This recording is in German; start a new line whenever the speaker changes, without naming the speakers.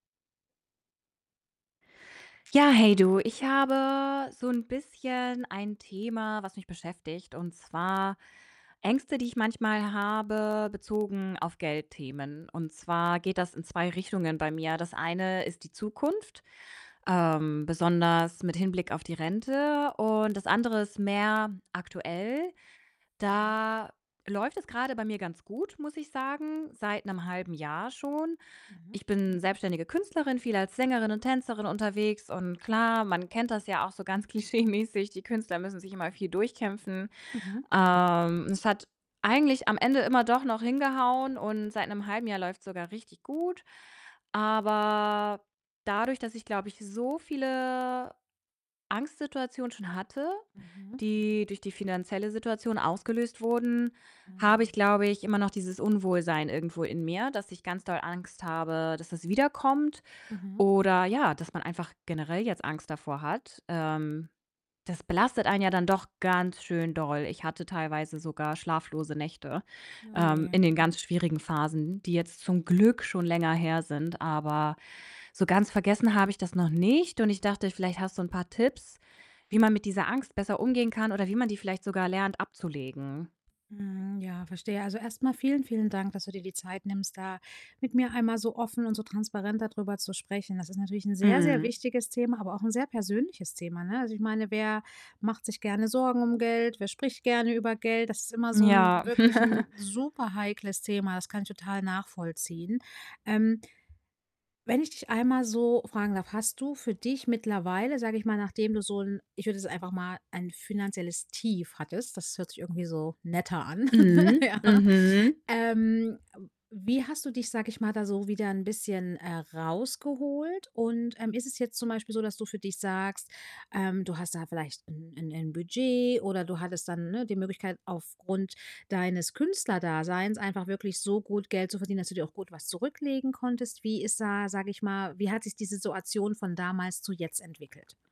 Ja, hey du, ich habe so 'n bisschen ein Thema, was mich beschäftigt, und zwar Ängste, die ich manchmal habe, bezogen auf Geldthemen und zwar geht das in 2 Richtungen bei mir. Das eine ist die Zukunft, ähm, besonders mit Hinblick auf die Rente, und das andere ist mehr aktuell.
Mhm.
Da läuft es grade bei mir ganz gut, muss ich sagen, seit 'nem 1/2 Jahr schon.
Mhm.
Ich bin selbstständige Künstlerin, viel als Sängerin und Tänzerin unterwegs und klar, man kennt das ja auch so ganz klischeemäßig: „Die Künstler müssen sich immer viel durchkämpfen.“
Mhm.
Ähm, es hat eigentlich am Ende immer doch noch hingehauen und seit 'nem 1/2 Jahr läuft's sogar richtig gut. Aber dadurch, dass ich, glaube ich, so viele Angstsituationen schon hatte,
Mhm.
die durch die finanzielle Situation ausgelöst wurden, habe ich,
Mhm.
glaube ich, immer noch dieses Unwohlsein irgendwo in mir, dass ich ganz doll Angst habe, dass es wiederkommt
Mhm.
oder ja, dass man einfach generell jetzt Angst davor hat. Ähm, das belastet einen ja dann doch ganz schön doll. Ich hatte teilweise sogar schlaflose Nächte,
Oh,
ähm,
je.
in den ganz schwierigen Phasen, die jetzt zum Glück schon länger her sind. Aber so ganz vergessen habe ich das noch nicht und ich dachte, vielleicht hast so 'n paar Tipps, wie man mit dieser Angst besser umgehen kann oder wie man die vielleicht sogar lernt, abzulegen?
Hm, ja, verstehe. Also, erst mal vielen, vielen Dank, dass du dir die Zeit nimmst, da mit mir einmal so offen und so transparent da drüber zu sprechen. Das ist natürlich 'n sehr, sehr
Mhm.
wichtiges Thema, aber auch 'n sehr persönliches Thema, ne? Also, ich meine: Wer macht sich gerne Sorgen um Geld? Wer spricht gerne über Geld? Das ist immer so 'n
Ja.
wirklich 'n superheikles Thema. Das kann ich total nachvollziehen. Ähm wenn ich dich einmal so fragen darf, hast du für dich mittlerweile, sage ich mal, nachdem du so 'n ich würde jetzt einfach mal ein finanzielles Tief hattest, das hört sich irgendwie so netter an, ne?
Mhm,
Ja,
mhm.
ähm, wie hast du dich, sage ich mal, da so wieder 'n bisschen, äh, rausgeholt? Und, ähm, ist es jetzt zum Beispiel so, dass du für dich sagst, ähm, du hast da vielleicht 'n 'n 'nen Budget oder du hattest dann, ne, die Möglichkeit, aufgrund deines Künstlerdaseins einfach wirklich so gut Geld zu verdienen, dass du dir auch gut was zurücklegen konntest? Wie ist da, sage ich mal wie hat sich diese Situation von damals zu jetzt entwickelt?